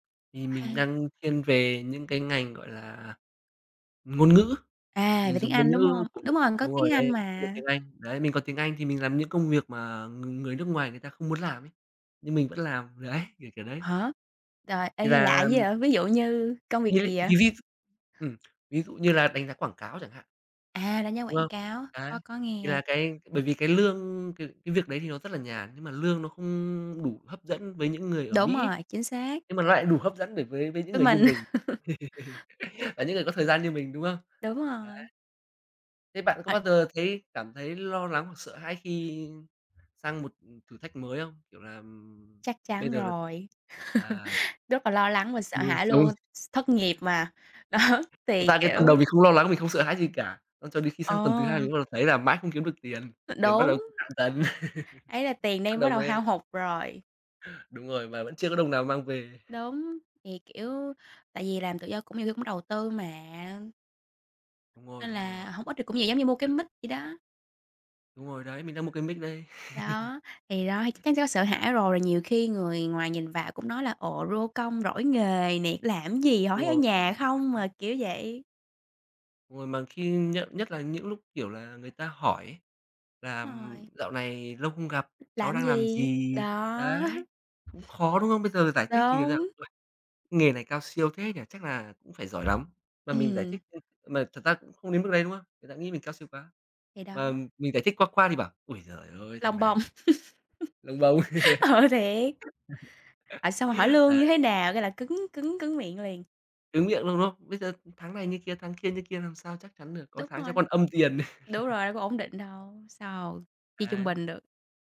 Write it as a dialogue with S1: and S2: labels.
S1: Thì mình
S2: Ha.
S1: đang thiên về những cái ngành, gọi là, ngôn ngữ,
S2: À,
S1: mình
S2: về tiếng
S1: dùng ngôn
S2: Anh, đúng
S1: ngữ
S2: không?
S1: của m
S2: Đúng rồi, mình có
S1: đúng rồi
S2: tiếng Anh
S1: đấy, dùng
S2: mà.
S1: tiếng Anh. Đấy, mình có tiếng Anh thì mình làm những công việc mà ng người nước ngoài người ta không muốn làm ấy, nhưng mình vẫn làm. Đấy, kiểu, kiểu đấy.
S2: Hả? Trời, ê,
S1: Thì
S2: nghe lạ dữ
S1: làm
S2: vậy? Ví dụ như công việc gì vậy?
S1: [unintelligible] Ừm, ví dụ như là đánh giá quảng cáo chẳng hạn.
S2: À, đánh giá
S1: Đúng
S2: quảng
S1: không?
S2: cáo.
S1: Đấy.
S2: Có có
S1: Thì
S2: nghe.
S1: là cái bởi vì cái lương c cái việc đấy thì nó rất là nhàn, nhưng mà lương nó không đủ hấp dẫn với những người ở
S2: Đúng
S1: Mỹ.
S2: rồi, chính xác.
S1: Nhưng mà nó lại đủ hấp dẫn được với với những
S2: Với
S1: người như
S2: mình.
S1: mình, là những người có thời gian như mình, đúng không?
S2: Đúng
S1: Đấy.
S2: rồi.
S1: Thế bạn có bao
S2: H
S1: giờ thấy cảm thấy lo lắng hoặc sợ hãi khi sang một, ừm, thử thách mới không? Kiểu làm
S2: Chắc
S1: bây
S2: chắn
S1: giờ l
S2: rồi.
S1: à,
S2: Rất là lo lắng và sợ hãi luôn,
S1: [unintelligible]
S2: s thất nghiệp mà. Đó,
S1: Thật
S2: thì
S1: ra cái
S2: kiểu
S1: tuần đầu mình không lo lắng, mình không sợ hãi gì cả. Ơ, cho đến khi sang tuần thứ hai, mình
S2: Ờ.
S1: bắt đầu thấy là mãi không kiếm được tiền,
S2: [unintelligible]
S1: tiền bắt đầu
S2: Đúng.
S1: [unintelligible] cạn dần.
S2: Ấy là tiền
S1: Bắt
S2: đang bắt
S1: đầu
S2: đầu hao
S1: mới
S2: hụt rồi.
S1: Đúng rồi, mà vẫn chưa có đồng nào mang về.
S2: Đúng. Thì, kiểu, tại vì
S1: [unintelligible]
S2: làm tự do cũng [unintelligible] đầu tư mà.
S1: Đúng rồi,
S2: Nên
S1: đúng
S2: là
S1: rồi.
S2: hổng ít thì cũng nhiều, giống như mua cái
S1: Đ
S2: mic vậy đó.
S1: Đúng rồi, đấy, mình đang mua cái mic đây.
S2: Đó. Thì đó, thì chắc chắn sẽ có sợ hãi rồi, nhiều khi người ngoài nhìn vào cũng nói là "Ồ, rô công rỗi nghề nè, làm gì, họ
S1: Đúng
S2: thấy ở
S1: rồi.
S2: nhà không mà."
S1: [unintelligible]
S2: Kiểu vậy.
S1: Đúng rồi, mà khi nhận nhất là những lúc, kiểu là, người ta hỏi ấy là, ừm,
S2: Rồi.
S1: "Dạo này lâu không gặp, cháu
S2: Làm
S1: đang làm
S2: gì?
S1: gì?"
S2: Đó.
S1: Đấy, cũng khó, đúng không? Bây giờ là giải thích như nào?
S2: Đúng.
S1: "Uầy. Nghề này cao siêu thế nhỉ? Chắc là cũng phải giỏi lắm", mà mình giải
S2: Ừm.
S1: thích ưm, mà thật ra cũng không đến mức đấy, đúng không? Người ta nghĩ mình cao siêu quá,
S2: Thì
S1: mà
S2: đó.
S1: mình giải thích qua qua thì bảo: "Ôi giời ơi, thằng
S2: Lông bông.
S1: này" Lông bông.
S2: Ờ, thiệt. À, xong rồi hỏi lương như
S1: Đấy.
S2: thế nào cái là cứng cứng cứng miệng liền.
S1: Cứng miệng luôn, đúng không? Bây giờ tháng này như kia, tháng kia như kia làm sao chắc chắn được, có
S2: Đúng
S1: tháng cháu
S2: rồi.
S1: còn âm tiền.
S2: Đúng rồi, có ổn định đâu, sao chia trung
S1: Đấy.
S2: bình được.